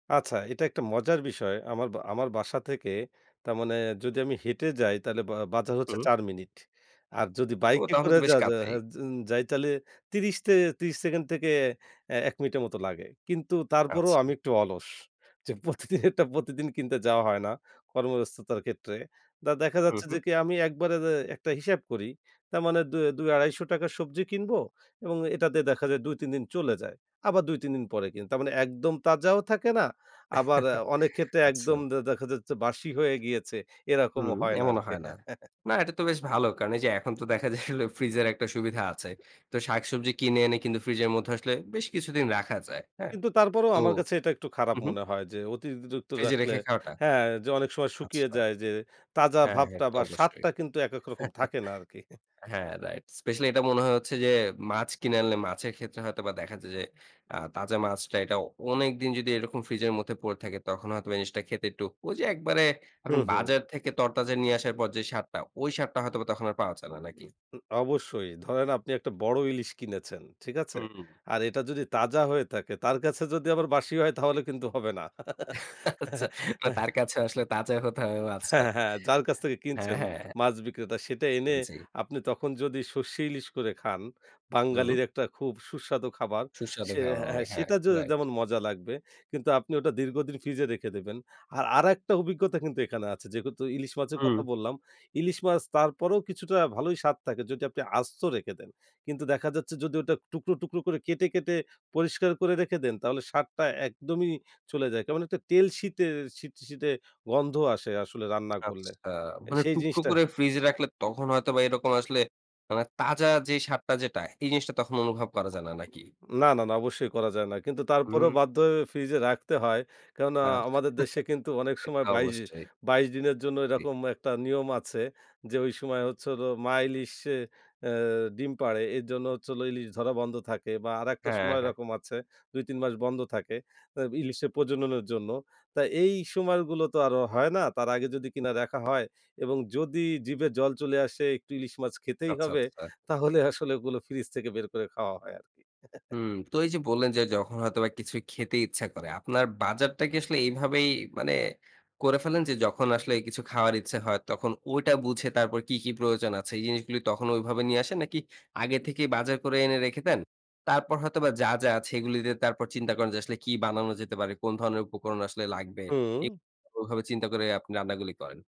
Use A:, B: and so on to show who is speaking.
A: আচ্ছা, এটা একটা মজার বিষয়। আমার বা আমার বাসা থেকে, তার মানে যদি আমি হেঁটে যাই, তাহলে বা বাজার হচ্ছে
B: হুম।
A: ৪ মিনিট। আর যদি
B: ও!
A: বাইকে
B: তাহলে
A: করে
B: তো বেশ
A: যাওয়া যা হা
B: কাছেই।
A: জন যাই তাইলে ৩০ তে ৩০ সেকেন্ড থেকে এ ১ মিনিটের মতো লাগে। কিন্তু তারপরেও আমি
B: আচ্ছা।
A: একটু অলস। যে, প্রতিদিনেরটা প্রতিদিন কিনতে যাওয়া হয় না, কর্মব্যস্ততার ক্ষেত্রে। তা দেখা
B: হু,
A: যাচ্ছে যে,
B: হুম।
A: কি? আমি একবারে যে একটা হিসাব করি, তার মানে দু ২০০/২৫০ টাকার সবজি কিনবো এবং এটাতে দেখা যায়, ২-৩ দিন চলে যায়। আবার ২-৩ দিন পরে কিনি। তার মানে একদম তাজাও থাকে না। আবার অনেক ক্ষেত্রে
B: আচ্ছা।
A: একদম দে দেখা যাচ্ছে বাসি হয়ে গিয়েছে। এরকমও
B: হুম,
A: হয় না
B: এমনও
A: আরকি।
B: হয় না। না, এটা তো বেশ ভালো। কারণ এই যে, এখন তো দেখা যায় হোল ফ্রিজের একটা সুবিধা আছে। তো শাকসবজি কিনে এনে কিন্তু ফ্রিজের মধ্যে আসলে বেশ কিছুদিন রাখা যায়। হ্যাঁ?
A: কিন্তু তারপরেও
B: তো
A: আমার কাছে এটা একটু
B: হু,
A: খারাপ
B: হুম।
A: মনে হয় যে, অতিরিক্ত
B: ফ্রিজে
A: রাখলে
B: রেখে খাওয়াটা?
A: হ্যাঁ, যে, অনেক সময় শুকিয়ে
B: আচ্ছা।
A: যায়। যে, তাজা
B: হ্যাঁ,
A: ভাবটা
B: এটা তো
A: বা
B: অবশ্যই।
A: স্বাদটা কিন্তু এক, এক রকম থাকে না আরকি। হে
B: হ্যাঁ, রাইট। স্পেশালি এটা মনে হয় হচ্ছে যে, মাছ কিনে আনলে মাছের ক্ষেত্রে হয়তোবা দেখা যায় যে, আ তাজা মাছটা এটা অনেকদিন যদি এরকম ফ্রিজের মধ্যে পড়ে থাকে, তখন হয়তোবা এই জিনিসটা খেতে একটু, ঐ যে, একবারে
A: হু,
B: আপনি
A: হুম।
B: বাজার থেকে তরতাজা নিয়ে আসার পর যে, স্বাদটা, ওই স্বাদটা হয়তোবা তখন আর পাওয়া যায় না,
A: উ
B: নাকি?
A: উ অবশ্যই। ধরেন আপনি একটা বড় ইলিশ কিনেছেন, ঠিক আছে?
B: হুম।
A: আর এটা যদি তাজা হয়ে থাকে, তার কাছে যদি আবার বাসি হয়, তাহলে কিন্তু হবে না।
B: আচ্ছা।
A: হ্যাঁ।
B: তার কাছে আসলে তাজা হতে হবে
A: হ্যাঁ,
B: মাছটা।
A: হ্যাঁ, হ্যাঁ। যার কাছ থেকে
B: হ্যাঁ,
A: কিনছেন
B: হ্যাঁ, হ্যাঁ।
A: মাছ বিক্রেতা, সেটা এনে
B: আন জি।
A: আপনি তখন যদি সরষে ইলিশ করে খান,
B: হুম।
A: বাঙালির একটা খুব সুস্বাদু খাবার।
B: সুস্বাদু
A: সে
B: খাবার
A: হ্যাঁ,
B: অনেক। হ্যাঁ,
A: সেটা য
B: রাইট।
A: যেমন মজা লাগবে, কিন্তু আপনি ওটা দীর্ঘদিন ফ্রিজে রেখে দেবেন। আর আরেকটা অভিজ্ঞতা কিন্তু এখানে আছে। যেহেতু ইলিশ মাছের
B: হুম।
A: কথা বললাম। ইলিশ মাছ তারপরেও কিছুটা ভালোই স্বাদ থাকে, যদি আপনি আস্ত রেখে দেন। কিন্তু দেখা যাচ্ছে যদি ওটা টুকরো, টুকরো করে কেটে, কেটে পরিষ্কার করে রেখে দেন, তাহলে স্বাদটা একদমই চলে যায়। কেমন একটা তেল শীতে শীট-শীটে গন্ধ আসে আসলে রান্না করলে।
B: আচ্ছা। মানে
A: সেই
B: টুকরো
A: জিনিসটা
B: করে ফ্রিজে রাখলে তখন হয়তোবা এরকম আসলে মানে, তাজা যে, স্বাদটা যেটা, এই জিনিসটা তখন অনুভব করা যায় না, নাকি?
A: না, না, না, অবশ্যই করা যায় না। কিন্তু তারপরেও
B: হুম।
A: বাধ্য হয়ে ফ্রিজে রাখতে হয়। কেননা?
B: না, না।
A: আমাদের দেশে কিন্তু অনেক সময়
B: সেটা
A: ২২,
B: অবশ্যই।
A: ২২ দিনের জন্য
B: জি।
A: এরকম একটা নিয়ম আছে যে, ঐ সময় হচ্ছে হল মা ইলিশে আ ডিম পাড়ে, এর জন্য হচ্ছে ইলিশ ধরা বন্ধ থাকে বা আরেকটা
B: হ্যাঁ,
A: সময়
B: হ্যাঁ।
A: এরকম আছে। ২-৩ মাস বন্ধ থাকে। তো ইলিশের প্রজননের জন্য। তাই এই সময়গুলো তো আরো হয় না। তার আগে যদি কিনা দেখা হয় এবং যদি জিভে জল চলে আসে একটু ইলিশ মাছ খেতেই
B: আচ্ছা,
A: হবে,
B: আচ্ছা।
A: তাহলে আসলে ওগুলো ফ্রিজ থেকে বের করে খাওয়া হয় আরকি।
B: হুম। তো এই যে, বললেন যে, যখন হয়তোবা কিছু খেতে ইচ্ছা করে। আপনার বাজারটা কি আসলে এভাবেই মানে করে ফেলেন যে, যখন আসলে কিছু খাওয়ার ইচ্ছা হয়, তখন ওটা বুঝে তারপর কি, কি প্রয়োজন আছে। এই জিনিসগুলো তখন ঐভাবে নিয়ে আসেন, নাকি আগে থেকেই বাজার করে এনে রেখে দেন? তারপর হয়তোবা যা, যা আছে এগুলো দিয়ে তারপর চিন্তা করেন যে, আসলে কি বানানো যেতে পারে, কোন ধরনের উপকরণ আসলে লাগবে? এ
A: হুম।
B: ওভাবে চিন্তা করে আপনি রান্না গুলি করেন?